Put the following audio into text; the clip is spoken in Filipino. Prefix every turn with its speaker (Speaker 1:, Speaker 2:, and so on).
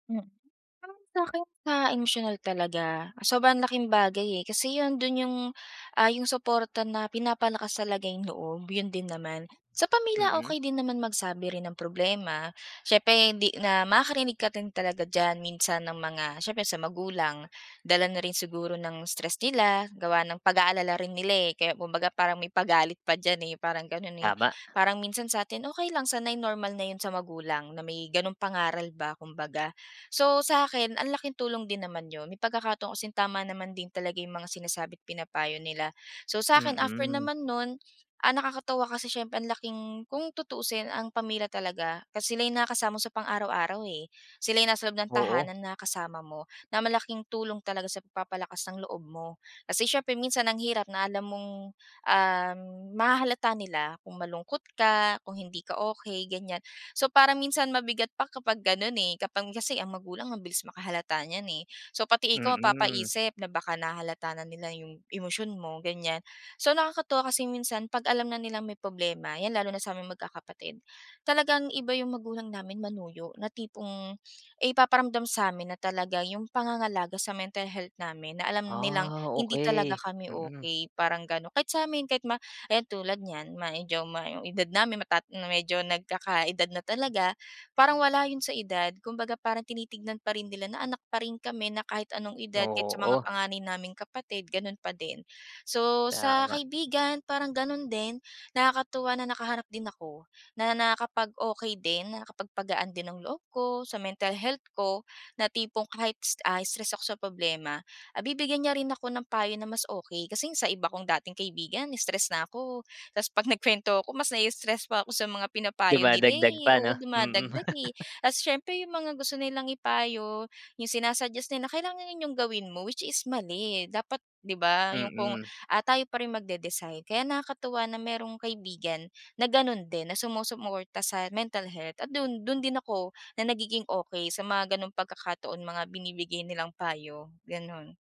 Speaker 1: Hmm, parang sa'kin ma emosyonal talaga, sobrang laking bagay eh, kasi 'yun dun 'yung, ah, 'yung suporta na pinapalakas talaga 'yung loob 'yun din naman, sa pamilya
Speaker 2: Mm.
Speaker 1: okey din naman magsabi rin ng problema siyempre hindi na makarinig ka rin talaga diyan minsan ng mga siyempre sa magulang, dala na rin siguro ng stress nila gawa ng pag aalala rin nila eh, kaya kumbaga parang may pagalit pa diyan eh, parang ganun eh,
Speaker 2: Tama.
Speaker 1: parang minsan satin okey lang sanay normal na 'yun sa magulang na may ganong pangaral ba kumbaga. So sa'kin ang laking tulong din naman 'yun, may pagkakataon kasing tama naman din talaga 'yung mga sinasabi't pinapayo nila, so sa'kin after
Speaker 2: Mm.
Speaker 1: naman nun, ah, nakakatuwa kasi siyempre ang laking kung tutuusin ang pamilya talaga kasi sila'y nakakasama mo sa pang-araw-araw eh, sila'y nasa loob ng
Speaker 2: Oo.
Speaker 1: tahanan na kasama mo, na malaking tulong talaga sa papalakas talaga ng loob mo, kasi siyempre minsan ang hirap na alam mong, ah, mahahalata nila kung malungkot ka, kung hindi ka okey ganiyan. So parang minsan mabigat pa kapag ganon eh, kapag kasi ang magulang ang bilis makahalata niyan eh, so pati ikaw
Speaker 2: Mm.
Speaker 1: mapapaisip na baka nahahalata na nila 'yung emosyon mo ganiyan. So nakakatuwa kasi minsan 'pag alam na nilang may problema 'yan lalo na saming magkakapatid, talagang iba 'yung magulang namin manuyo na tipong, ay ipaparamdam samin na talaga 'yung pangangalaga sa mental health namin na alam nilang
Speaker 2: Ah,
Speaker 1: hindi talaga
Speaker 2: okey,
Speaker 1: kami
Speaker 2: mm.
Speaker 1: okey parang ganun kahit samin kahit ma ayan tulad niyan medyo 'yung edad namin mata na medyo nagkakaedad na talaga, parang wala 'yun sa edad, kumbaga parang tinitignan pa rin nila na anak pa rin kami na kahit anong edad kahit sa mga
Speaker 2: Oo.
Speaker 1: panganay naming kapatid ganun pa din, so sa
Speaker 2: Tama.
Speaker 1: kaibigan parang ganun din nakakatuwa na nakahanap din ako, na nakakapag okey din nakapagpagaan din ng loob ko, sa mental health ko, na tipong kahit s ah, stress ako sa problema, ah, bibigyan niya rin ako ng payo na mas okey kasi sa iba kong dating kaibigan stress na ako, tapos pag nagkuwento ako mas nai-stress pa ako sa mga
Speaker 2: 'Di
Speaker 1: pinapayo
Speaker 2: ba
Speaker 1: nila
Speaker 2: dagdag pa
Speaker 1: eh, oo
Speaker 2: 'no, mm.
Speaker 1: dumadagdag eh, at siyempre 'yung mga gusto nilang ipayo, yung sina-suggest nila na kailangan 'yun 'yung gawin mo which is mali dapat, 'di ba 'yung kung,
Speaker 2: Mm.
Speaker 1: ah, tayo pa rin magde-decide kaya nakakatuwa na merong kaibigan na ganon din na sumusuporta sa mental health at dun dun din ako na nagiging okey sa mga ganong pagkakataon mga binibigay nilang payo, ganon.